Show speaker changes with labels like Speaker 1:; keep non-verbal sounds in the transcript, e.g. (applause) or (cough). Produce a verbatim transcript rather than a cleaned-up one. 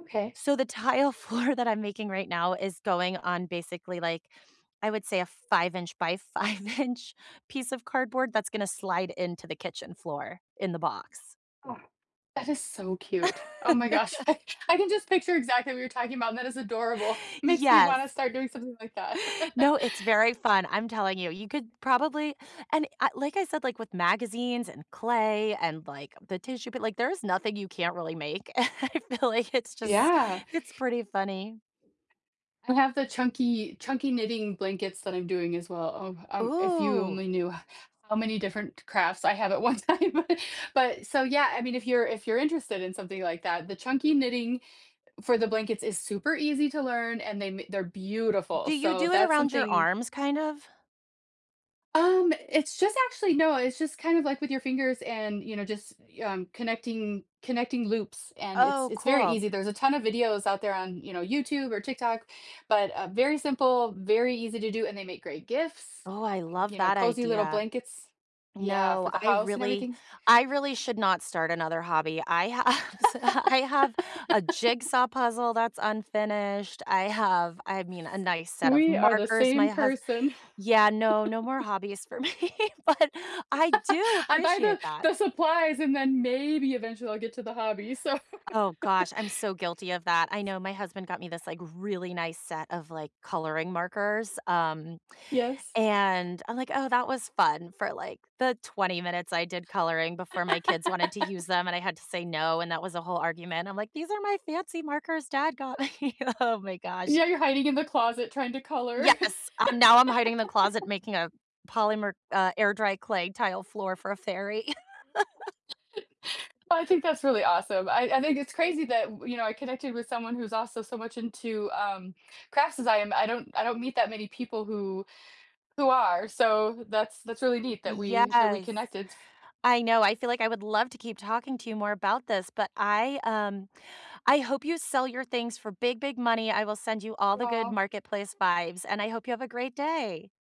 Speaker 1: Okay.
Speaker 2: So the tile floor that I'm making right now is going on basically, like, I would say a five inch by five inch piece of cardboard that's gonna slide into the kitchen floor in the box.
Speaker 1: That is so cute. Oh my gosh, I can
Speaker 2: (laughs)
Speaker 1: I can just picture exactly what you're talking about, and that is adorable. Makes me wanna
Speaker 2: Yes.
Speaker 1: start doing something like that.
Speaker 2: No,
Speaker 1: (laughs)
Speaker 2: it's very fun. I'm telling you, you could probably and I like I said, like, with magazines, and clay and, like, the tissue, but like there's nothing you can't really make. (laughs) I feel like it's just
Speaker 1: Yeah.
Speaker 2: it's pretty funny.
Speaker 1: I have the chunky chunky knitting blankets that I'm doing, as well. Oh, um, if you
Speaker 2: Ooh.
Speaker 1: only knew how many different crafts I have at one time, but so, yeah, I mean if you're if you're interested in something like that, the chunky knitting for the blankets is super easy to learn and they ma they're beautiful,
Speaker 2: Do you
Speaker 1: so
Speaker 2: do it
Speaker 1: that's
Speaker 2: around your
Speaker 1: something
Speaker 2: arms, kind of?
Speaker 1: Um, it's just actually No, it's just kind of, like, with your fingers and, you know, just you um, connecting connecting loops, and it's
Speaker 2: Oh,
Speaker 1: it's very
Speaker 2: cool.
Speaker 1: easy, there's a ton of videos out there on, you know, YouTube or TikTok, but, uh, very simple, very easy to do, and they make great gifts,
Speaker 2: Oh, I love
Speaker 1: you know,
Speaker 2: that
Speaker 1: cozy little
Speaker 2: idea.
Speaker 1: blankets yeah,
Speaker 2: No,
Speaker 1: for the
Speaker 2: I
Speaker 1: house and
Speaker 2: really
Speaker 1: everything.
Speaker 2: I really should not start another hobby, I have so I have a jigsaw puzzle that's
Speaker 1: (laughs)
Speaker 2: unfinished, I have I mean, a nice set of
Speaker 1: We are the
Speaker 2: markers, my
Speaker 1: same
Speaker 2: hus
Speaker 1: person.
Speaker 2: Yeah, no, no more
Speaker 1: (laughs)
Speaker 2: hobbies for me, but I do
Speaker 1: (laughs) I buy
Speaker 2: appreciate
Speaker 1: the
Speaker 2: that.
Speaker 1: the supplies and then maybe eventually I'll get to the hobby, so
Speaker 2: Oh gosh,
Speaker 1: (laughs)
Speaker 2: I'm so guilty of that, I know. My husband got me this, like, really nice set of, like, coloring markers, um,
Speaker 1: Yes.
Speaker 2: and I'm like, "Oh, that was fun," for, like, the twenty minutes I did coloring before my kids wanted to use
Speaker 1: (laughs)
Speaker 2: them, and I had to say no, and that was a whole argument. I'm like, "These are my fancy markers dad got me." Oh my gosh.
Speaker 1: Yeah, you're hiding in the closet trying to color.
Speaker 2: Yes, I'm now I'm hiding in the closet
Speaker 1: (laughs)
Speaker 2: making a polymer uh, air dry clay tile floor for a fairy. (laughs)
Speaker 1: (laughs) I think that's really awesome. I I think it's crazy that w you know, I connected with someone who's also so much into, um, crafts as I am. I don't I don't meet that many people who who are, so that's that's really neat that we that we
Speaker 2: Yes,
Speaker 1: connected.
Speaker 2: I know. I feel like I would love to keep talking to you more about this, but I, um I hope you sell your things for big, big money. I will send you all the good
Speaker 1: Aw.
Speaker 2: marketplace vibes, and I hope you have a great day.